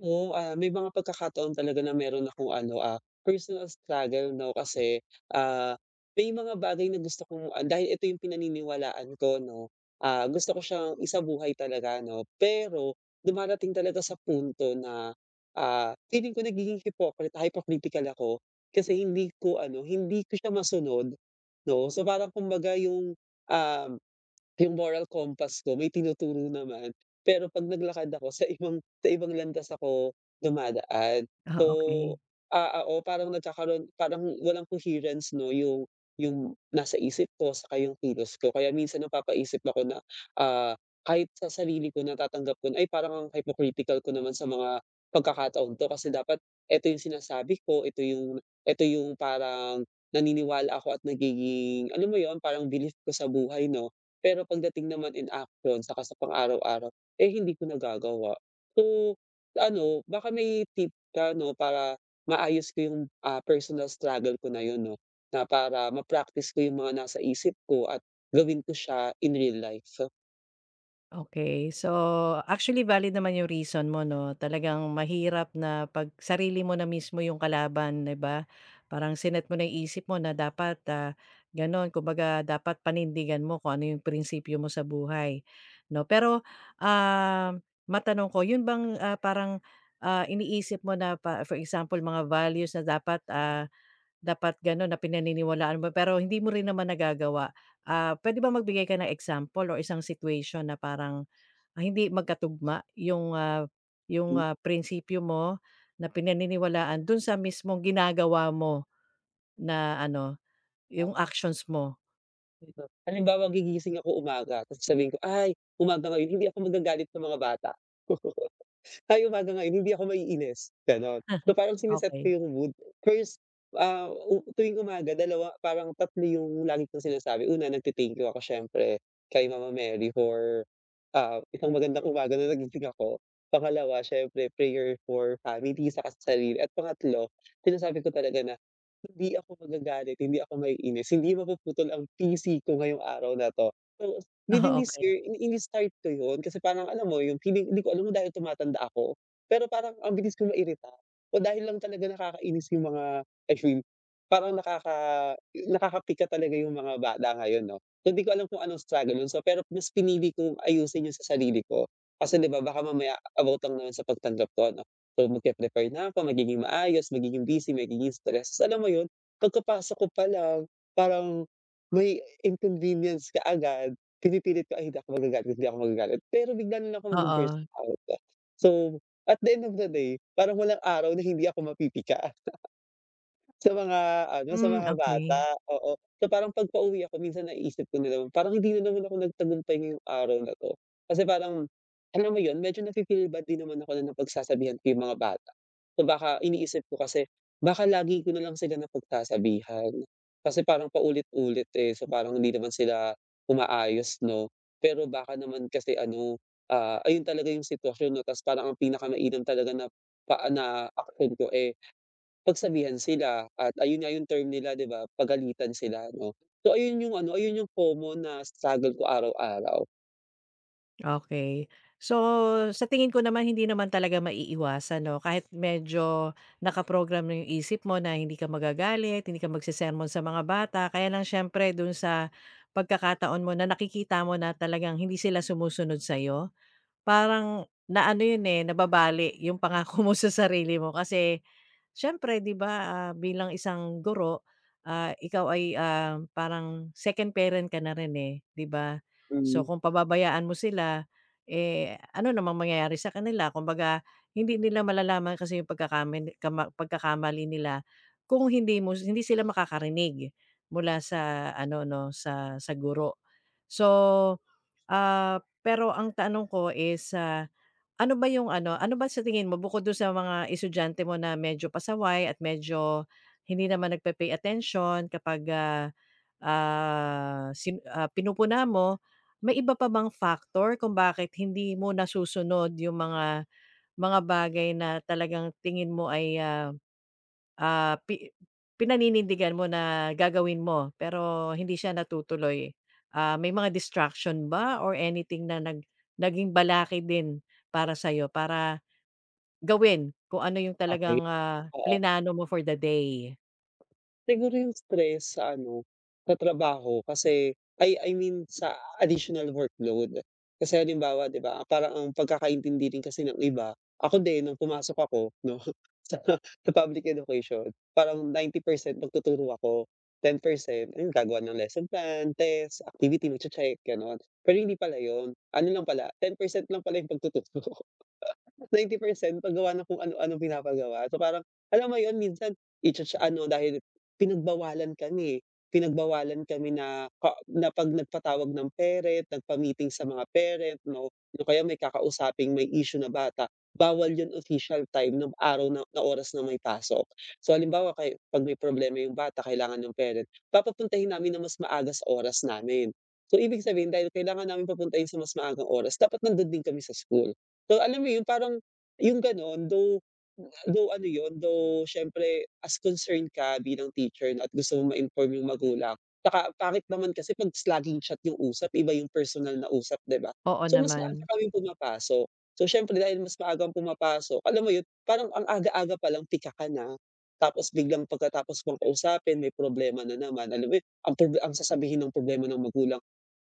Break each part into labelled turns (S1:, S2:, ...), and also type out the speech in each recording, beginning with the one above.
S1: Oo, ah, may mga pagkakataon talaga na mayro'n akong, ano, ah, personal struggle, 'no. Kasi, ah, may mga bagay na gusto kong ah, dahil ito 'yong pinaniniwalaan ko, 'no, ah, gusto ko siyang isabuhay talaga, 'no. Pero dumadating talaga sa punto na, ah, feeling ko nagiging hipokrita hypocritical ako kasi hindi ko, ano, hindi ko siya masunod, 'no. So, parang kumbaga 'yong, um, 'yong moral compass ko may tinuturo naman. Pero 'pag naglakad ako sa ibang sa ibang landas ako dumadaan.
S2: Ah,
S1: So,
S2: okey.
S1: ah, oo, parang nagkakaroon parang walang coherence, 'no, 'yong 'yong nasa isip ko saka 'yong kilos ko. Kaya minsan napapaisip ako na, ah, kahit sa sarili ko natatanggap ko na, "Ay, parang ang hypocritical ko naman sa mga pagkakataong 'to. Kasi dapat ito 'yong sinasabi ko, ito 'yong ito 'yong parang naniniwala ako at nagiging, alam mo 'yon, parang belief ko sa buhay, 'no." Pero pagdating naman in action 'tsaka sa pang araw-araw, eh, hindi ko nagagawa. So, ano, baka may tip ka 'no para maayos ko 'yong, ah, personal struggle ko na 'yon, 'no, na para ma-practice ko 'yong mga nasa isip ko at gawin ko siya in real life, so
S2: Okey, so actually valid naman 'yong reason mo, 'no, talagang mahirap na 'pag sarili mo na mismo 'yong kalaban, 'di ba? Parang sinet mo na 'yong isip mo na dapat, ah, gano'n, kumbaga, dapat panindigan mo kung ano 'yong prinsipyo mo sa buhay, 'no. Pero, ah, matanong ko, 'yon bang, ah, parang, ah, iniisip mo na pa for example, mga values na dapat, ah, dapat gano'n na, pinaniniwalaan mo, pero hindi mo rin naman nagagawa. Ah, puwede ba magbigay ka ng example, or isang situation na parang, ah, hindi magkatugma 'yong, ah, 'yong,
S1: Hmm.
S2: ah, prinsipyo mo, na pinaniniwalaan, do'n sa mismong ginagawa mo, na ano,
S1: Ah.
S2: 'yong actions mo.
S1: [unintelligible] halimbawa gigising ako umaga, tapos sabihin ko, "Ay, umaga ngayon, hindi ako magagalit sa mga bata, ay, umaga ngayon hindi ako maiinis." Gano'n. So, parang sini-set
S2: Okey.
S1: ko 'yong mood, first, ah, o tuwing umaga, dalawa parang 3 'yong lagi kong sinasabi. Una, nagte-thank you ako siyempre, kay Mama Mary, for, ah, isang magandang umaga na nagising ako, pangalawa, siyempre, prayer for family saka sa sarili, at pangatlo, sinasabi ko talaga na, "Hindi ako magagalit, hindi ako maiinis, hindi mapuputol ang pisi ko ngayong araw na 'to". So, within
S2: Oh,
S1: this
S2: okey.
S1: year, ini ini-start ko 'yon, kasi parang, alam mo, 'yong feeling 'di ko alam kung dahil tumatanda ako, pero parang, ang bilis ko mairita o dahil lang talaga nakakainis 'yong mga,. [unintelligible] Parang nakaka 'yo nakapika talaga 'yong mga bata ngayon, 'no. Hindi ko alam kung anong struggle 'yon sa pero, mas pinili kong ayusin 'yon sa sarili ko, kasi, 'di ba, baka mamaya about lang naman sa pagtanggap ko, ano. So, mag-pre-prepare na ako, magiging maayos, magiging busy, magiging stress, alam mo 'yon, pagkapasok ko pa lang, parang may inconvenience kaagad. Pinipilit ko, "Ay, hindi ako magagalit, hindi ako magagalit", pero bigla na lang ako mag-bu-burst
S2: Oo.
S1: out. So, at the end of the day, parang walang araw na hindi ako mapipika, sa mga ano, sa
S2: Hmm,
S1: mga bata,
S2: okey.
S1: oo. So, parang 'pag pauwi ako minsan, naiisip ko din naman, "Parang hindi na naman ako nagtagumpay ngayong araw na 'to", kasi parang, alam mo 'yon, medyo nafi-feel bad din naman ako na napagsasabihan ko 'yong mga bata. So, baka, iniisip ko kasi, baka lagi ko na lang sila napagsasabihan, kasi parang paulit-ulit, eh, so, parang hindi naman sila umaayos, 'no. Pero baka naman kasi ano, ah, ayon talaga 'yong sitwasyon, 'no, tas parang ang pinakamainam talaga na, pa na aksyon ko, eh, pagsabihan sila, at ayon nga 'yong term nila, 'di ba, pagalitan sila, 'no. So, ayon 'yong ano, ayon 'yong common na struggle ko araw-araw.
S2: Okey. So, sa tingin ko naman hindi naman talaga maiiwasan, 'no, kahit medyo naka-program na 'yong isip mo na hindi ka magagalit, hindi ka magsesermon sa mga bata. Kaya lang siyempre do'n sa pagkakataon mo na nakikita mo na talagang hindi sila sumusunod sa'yo parang na-ano 'yon, eh, nababali 'yong pangako mo sa sarili mo. Kasi siyempre, 'di ba, ah, bilang isang guro, ah, ikaw ay, um, parang second parent ka na rin, eh, 'di ba. So
S1: Mm.
S2: kung pababayaan mo sila, eh, ano namang mangyayari sa kanila. Kumbaga hindi nila malalaman kasi 'yong pagkakamili kama pagkakamali nila kung hindi mo hindi sila makakarinig mula sa ano, 'no, sa sa guro. So, ah, pero ang tanong ko is, ah, ano ba 'yong ano, ano ba sa tingin mo bukod do'n sa mga estudyante mo na medyo pasaway at medyo hindi naman nagpe-pay attention kapag, ah, ah, si, ah, pinupuna mo, may iba pa bang factor kung bakit hindi mo nasusunod 'yong mga mga bagay na talagang tingin mo ay, ah, ah, pi pinaninindigan mo na gagawin mo pero hindi siya natutuloy? Ah, may mga distraction ba or anything na nag naging balakid din para sa'yo para gawin kung ano
S1: O
S2: 'yong
S1: okey.
S2: talagang, ah,
S1: Oo.
S2: plinano mo for the day?
S1: Siguro 'yung stress sa ano sa trabaho, I mean, sa additional workload. Kasi halimbawa, 'di ba parang ang pagkakaintindi rin kasi ng iba. Ako din 'nung pumasok ako 'no sa sa Public Education. Parang 90% magtuturo ako, 10% 'yun gagawa ng lesson plan, test, activity, magche-check, ganon. Pero hindi pala 'yun, ano lang pala, 10% lang pala 'yung pagtuturo. 90% Pag-gawa ng kung, ano-ano, pinapagawa. So, parang alam mo 'yun, minsan. I cha-cha sa ano dahil pinag-bawalan kami. Pinagbawalan kami na ka pag nag patawag ng parent, nagpa-meeting sa mga parent, 'no, 'yung kaya may kakausaping may issue na bata. Bawal 'yun, official time 'nung araw na na oras na may pasok. So halimbawa, ka 'pag may problema 'yung bata kailangan 'yung parent, papapuntahin namin ng mas maaga sa oras namin. So, ibig sabihin dahil kailangan naming papuntahin sa mas maagang oras dapat nandun din kami sa school. So, alam mo 'yun, parang 'yung ganon, though, though ano 'yun, though syempre as concerned ka bilang teacher 'no at gusto mo ma-inform yung magulang. Saka ang pangit naman kasi s pag laging chat 'yung, usap iba 'yung personal na usap 'di ba,
S2: Oo
S1: so mas maaga
S2: naman.
S1: kaming pumapasok, so syempre dahil mas maagang pumapasok, alam mo 'yun parang ang aga-aga palang pika ka na. Tapos biglang pagkatapos ko kausapin, may problema na naman, alam mo 'yun, uy ang proble ang sasabihin ng problema ng magulang.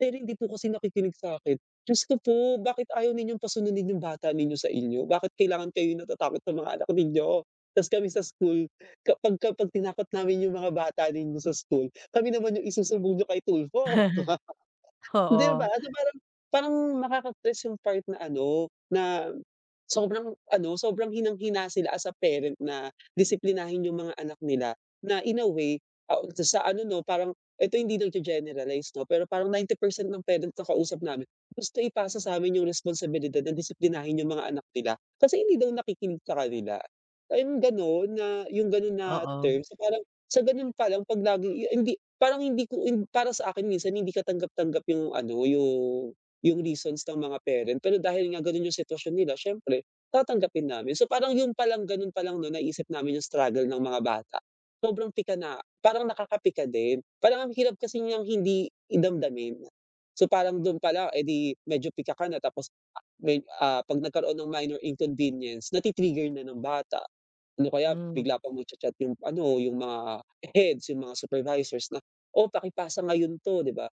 S1: "Pero hindi po kasi nakikinig sa'kin." Diyos ko po! "Bakit ayaw ninyo pa-sunudin 'yung bata ninyo sa inyo? Bakit kailangan kayo natatakot sa mga anak ninyo?" Tapos kami sa school, kapag kapag tinakot namin 'yung mga bata ninyo sa school, kami naman 'yung isusumbong niyo kay Tulfo. 'Di ba?
S2: Oo.
S1: So, paran, parang nakaka-stress 'yung part na ano, na sobrang ano, sobrang hinang-hina sila, as a parent na disiplinahin 'yung mga anak nila na, in a way, ah, sa ano 'no, parang eto hindi nag-ge-generalize 'no, pero parang 90% ng parents na kausap namin, gusto ipasa satin 'yung responsibilidad na disiplinahin 'yung mga anak nila kasi hindi daw nakikinig sa kanila. Ayun, ganun na 'yung ganon na
S2: Oo.
S1: terms. Parang sa ganun palang, pag laging i a hindi parang, hindi ko para sakin, minsan hindi katanggap-tanggap 'yung ano, yung, yung reasons ng mga parent. Pero dahil nga ganun 'yung sitwasyon nila, syempre tatanggapin namin. So parang 'yun palang, ganon palang 'no, naiisip namin 'yung struggle ng mga bata. Sobrang pika na, parang nakakapika din. Parang ang hirap kasi niyang hindi damdamin. So parang dun palang, eh, 'di medyo pika ka na tapos may, ah, pag nagkaroon ng minor inconvenience na ti-trigger na ng bata. Ano kaya
S2: Hmm.
S1: bigla pa magcha-chat 'yung, ano yung mga heads, yung mga supervisors na "Oh paki-pasa ngayon to" 'di ba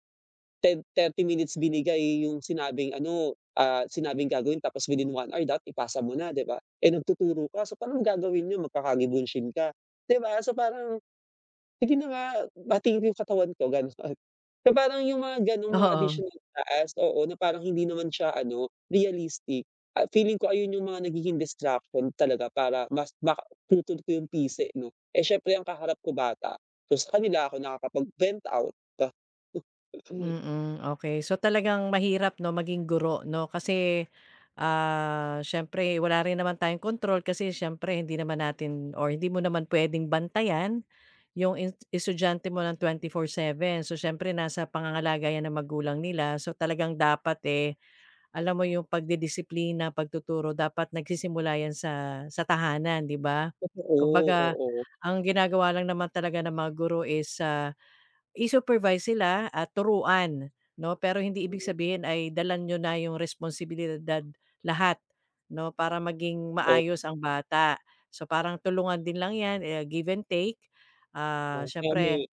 S1: 10, 30 minutes binigay 'yung sinabing ano, ah, sinabing gagawin tapos within 1 hour that ipasa mo na 'di ba, eh nagtuturo ka. So, parang gagawin n'yo magkakagi-bunshin ka, 'di ba. So parang, hindi na nga pati 'yung katawan ko, ganun parang 'yung mga ganung mga
S2: Oo.
S1: additional na task, oo, na parang hindi naman siya ano realistic at feeling ko 'ayun 'yung mga nagiging distraction talaga para mas ma maputol ko yung pisi, 'no, eh, syempre ang kaharap ko bata, so sa kanila ako nakakapag vent out.
S2: Mm, okey. So talagang mahirap 'no, maging guro 'no kasi ah, siyempre wala rin naman tayong kontrol kasi siyempre hindi naman natin or hindi mo naman pwedeng bantayan 'yong i estudyante mo ng 24/7. So, siyempre nasa pangangalaga 'yan ng magulang nila. So, talagang dapat, eh, alam mo 'yong pagdidisiplina, pagtuturo dapat nagsisimula 'yan sa sa tahanan 'di ba?
S1: Totoo,
S2: Kumbaga
S1: oo.
S2: ang ginagawa lang naman talaga ng mga guro is, ah, i-supervise sila at turuan no, pero hindi ibig
S1: Mhm.
S2: sabihin ay dala niyo na 'yung responsibilidad lahat no, para maging
S1: Oh.
S2: maayos ang bata. So, parang tulungan din lang 'yan, eh, give and take, ah,
S1: Ah, kaya
S2: syempre.
S1: may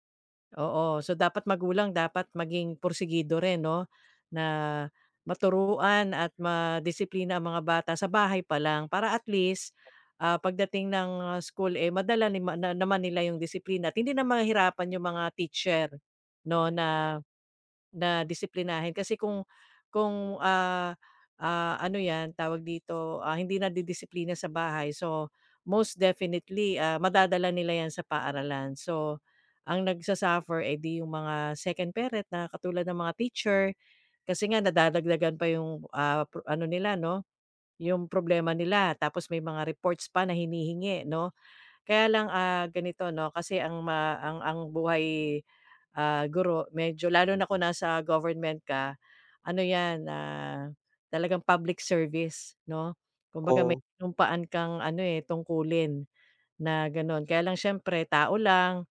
S2: Oo, so dapat magulang dapat maging pursegido rin 'no na maturuan at madisiplina ang mga bata sa bahay pa lang para at least, ah, pagdating ng school, eh, madala nima na naman nila 'yung disiplina at hindi mahihirapan yung mga teacher 'no, na, na disiplinahin kasi kung kung, ah, ah, ano 'yan tawag dito, ah, hindi nadidisiplina sa bahay, so most definitely ah madadala nila 'yan sa paaralan. So, ang nag-su-suffer, eh 'di 'yung mga second parent na katulad ng mga teacher kasi nga nadadagdagan pa 'yong, ah, pro ano nila no, 'yung problema nila. Tapos may mga reports pa na hinihingi 'no, kaya lang, ah, ganito 'no kasi ma ang ang buhay, ah, guro medyo lalo na kung nasa government ka, ano 'yan talagang public service 'no. Kumbaga may
S1: Oh.
S2: sinumpaan kang ano, eh, tungkulin na ganon. Kaya lang siyempre tao lang,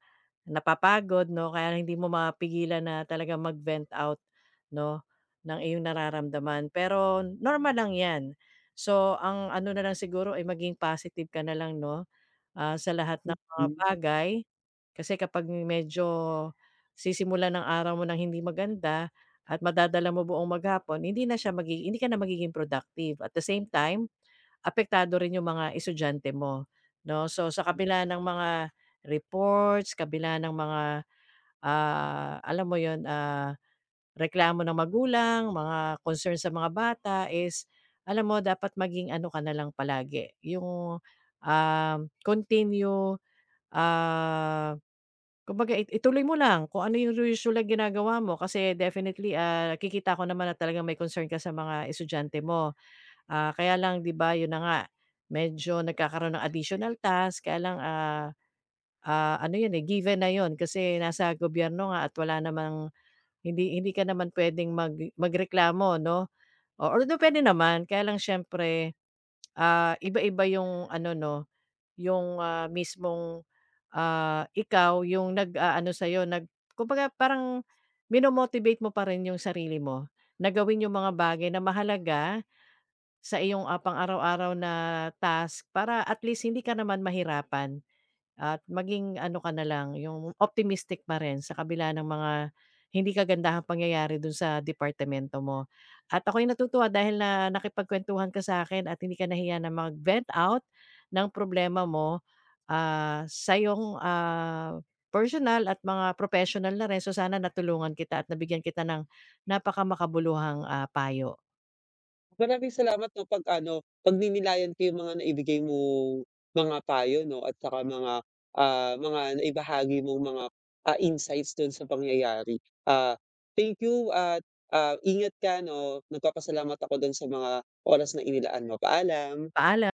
S2: napapagod 'no, kaya hindi mo mapigilan na talagang mag-vent out, 'no ng iyong nararamdaman. Pero normal lang 'yan. So, ang ano na lang siguro ay maging positive ka na lang 'no sa lahat ng mga
S1: Mm.
S2: bagay kasi kapag medyo sisimulan ang araw mo ng hindi maganda at madadala mo buong maghapon hindi na siya magigi hindi ka na magiging productive. At the same time, apektado rin yung mga estudyante mo 'no. So, sa
S1: Hmm.
S2: kabila ng mga reports, kabila ng mga, ah, alam mo 'yun, ah, reklamo ng magulang, mga concern sa mga bata is alam mo dapat maging ano ka na lang palagi 'yung, ah, continue, ah, kumbaga, ituloy mo lang kung ano 'yong usual na ginagawa mo kasi definitely, ah, nakikita ko naman na talagang may concern ka sa mga estudyante mo. Ah, kaya lang 'di ba 'yon na nga medyo nagkakaroon ng additional task, kaya lang, ah, ah ano 'yon given na 'yon kasi nasa gobyerno nga at wala namang hindi hindi ka naman puwedeng mag magreklamo 'no, although puwede naman kaya lang siyempre, ah, iba-iba 'yong ano 'no, 'yung, ah, mismong, ah, ikaw 'yung nag-aano sa'yo, nag kumbaga parang mino-motivate mo parin 'yung sarili mo na gawin 'yung mga bagay na mahalaga sa iyong pang-araw-araw na task para at least hindi ka naman mahirapan, at maging ano ka na lang, 'yung optimistic pa rin sa kabila ng mga hindi kagandahang pangyayari dun sa departamento mo. At ako'y natutuwa dahil na nakipagkwentuhan ka sakin at hindi ka nahiya na mag-vent out ng problema mo, ah, sa iyong, ah, personal at mga professional na rin. So, sana natulungan kita at nabigyan kita ng napakamakabuluhang, ah, payo.
S1: Maraming salamat 'no pag ano pagninilayan ko 'yung mga naibigay mong mga payo 'no at tsaka mga, ah, mga naibahagi mong mga, ah, insights dun sa pangyayari. Ah, thank you at, ah, ingat ka 'no. Nagpapasalamat ako dun sa mga oras na inilaan mo. Paalam.
S2: Paalam.